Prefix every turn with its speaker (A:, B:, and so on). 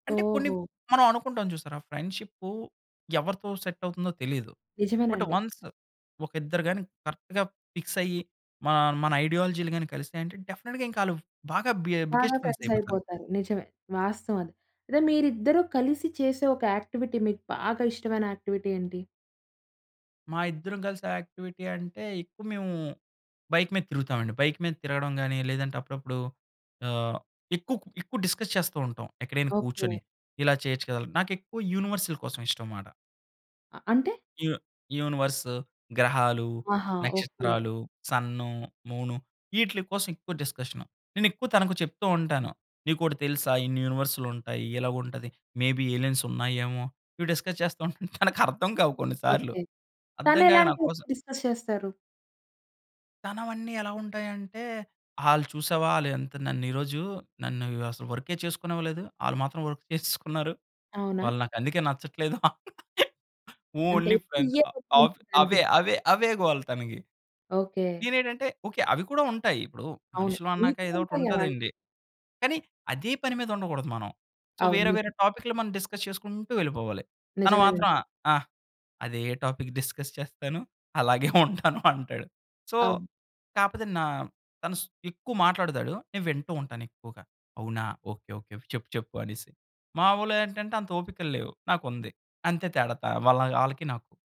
A: అంటే కొన్ని
B: ఓహో!
A: మనం అనుకుంటాం చూసారా ఫ్రెండ్‌షిప్పు ఎవరితో సెట్ అవుతుందో తెలీదు. బట్
B: నిజమేనండి.
A: వన్స్ ఒక ఇద్దరు గాని కరెక్ట్‌గా ఫిక్స్ అయ్యి. మా మన ఐడియాలజీలు గాని కలిసియంటే డెఫినిట్‌గా ఇంకా ఆళ్ళు బాగా బి ఆహ్,
B: బాగా
A: బిగ్గెస్ట్ ఫ్రెండ్స్
B: ఫ్రెండ్స్
A: అయిపోతారు.
B: అయిపోతారు నిజమే. వాస్తవం అది. అయితే మీరిద్దరూ కలిసి చేసే ఒక యాక్టివిటీ మీకు బాగా ఇష్టమైన యాక్టివిటీ ఏంటి?
A: మా ఇద్దరం కలిసి యాక్టివిటీ అంటే, ఎక్కువ మేము బైక్ మీద తిరుగుతామండి. బైక్ మీద తిరగడం గాని లేదంటే అప్పుడప్పుడు ఆహ్, ఎక్కువ కొ ఎక్కువ డిస్కస్ చేస్తూ ఉంటాం ఎక్కడైనా
B: ఓకే.
A: కూర్చొని. ఇలా చేయొచ్చు కదా. నాకెక్కువ యూనివర్సల్ కోసం ఇష్టం మాట.
B: ఆహ్, అంటే?
A: యూ యూనివర్స్, గ్రహాలు,
B: ఆహా! ఓకే.
A: నక్షత్రాలు, సన్ను, మూను ఇటిలీ కోసం ఎక్కువ డిస్కషను. నేను ఎక్కువ తనకు చెప్తూ ఉంటాను. నీకు ఒకటి తెలుసా ఇన్ని యూనివర్స్‌లు ఉంటాయి. ఇలాగుంటది. మే బీ ఎలియన్స్ ఉన్నాయేమో, ఇవి డిస్కస్ చేస్తూ తనకు అర్థం కావు కొన్ని సార్లు.
B: ఓకే.
A: అర్థం
B: తను
A: కాక
B: ఎలాంటివి
A: నాకోసం
B: డిస్కస్ చేస్తారు?
A: తనవన్నీ ఎలా ఉంటాయంటే, ఆళ్ళు చూసావా ఆళ్ళు ఎంత నన్ను ఈరోజు నన్ను అసలు వర్కె చేసుకోనివ్వలేదు. ఆళ్ళు మాత్రం వర్క్ చేసేసుకున్నారు.
B: అవునా?
A: వాళ్ళు నాకు అందుకే నచ్చట్లేదు
B: అంటే
A: ఓన్లీ
B: ఎప్పుడు
A: ఫ్రెండ్
B: ఇయే
A: ఆహ్, అవే
B: [unintelligible]
A: అవే అవే గోల తనకి.
B: ఓకే.
A: నేనేంటంటే ఓకే అవి కూడా ఉంటాయి. ఇప్పుడు
B: అవును.
A: మనుషులు అన్నాక
B: మీకు
A: ఏదో ఒకటి
B: ఉంటాయి అలాంటివి.
A: ఉంటదండి. కానీ అదే పని మీద ఉండకూడదు మనం. సో,
B: అవును
A: వేరే వేరే
B: నిజం.
A: టాపిక్‌లు మనం డిస్కస్ చేసుకుంటూ వెళ్ళిపోవాలి. తను మాత్రం ఆ!
B: నిజమేనండి.
A: ఆ! అదే టాపిక్ డిస్కస్ చేస్తాను. అలాగే ఉంటాను అంటాడు. సో,
B: అవును.
A: కాపోతే నా తను ఎక్కువ మాట్లాడతాడు. నేను వింటూ ఉంటాను ఎక్కువగా. అవునా? ఓకే ఓకే చెప్పు చెప్పు అనేసి. మాములేంటంటే, అంత ఓపికలు లేవు నాకు ఉంది. అంతే తేడా త వాళ్ ఆళ్ళకి నాకు.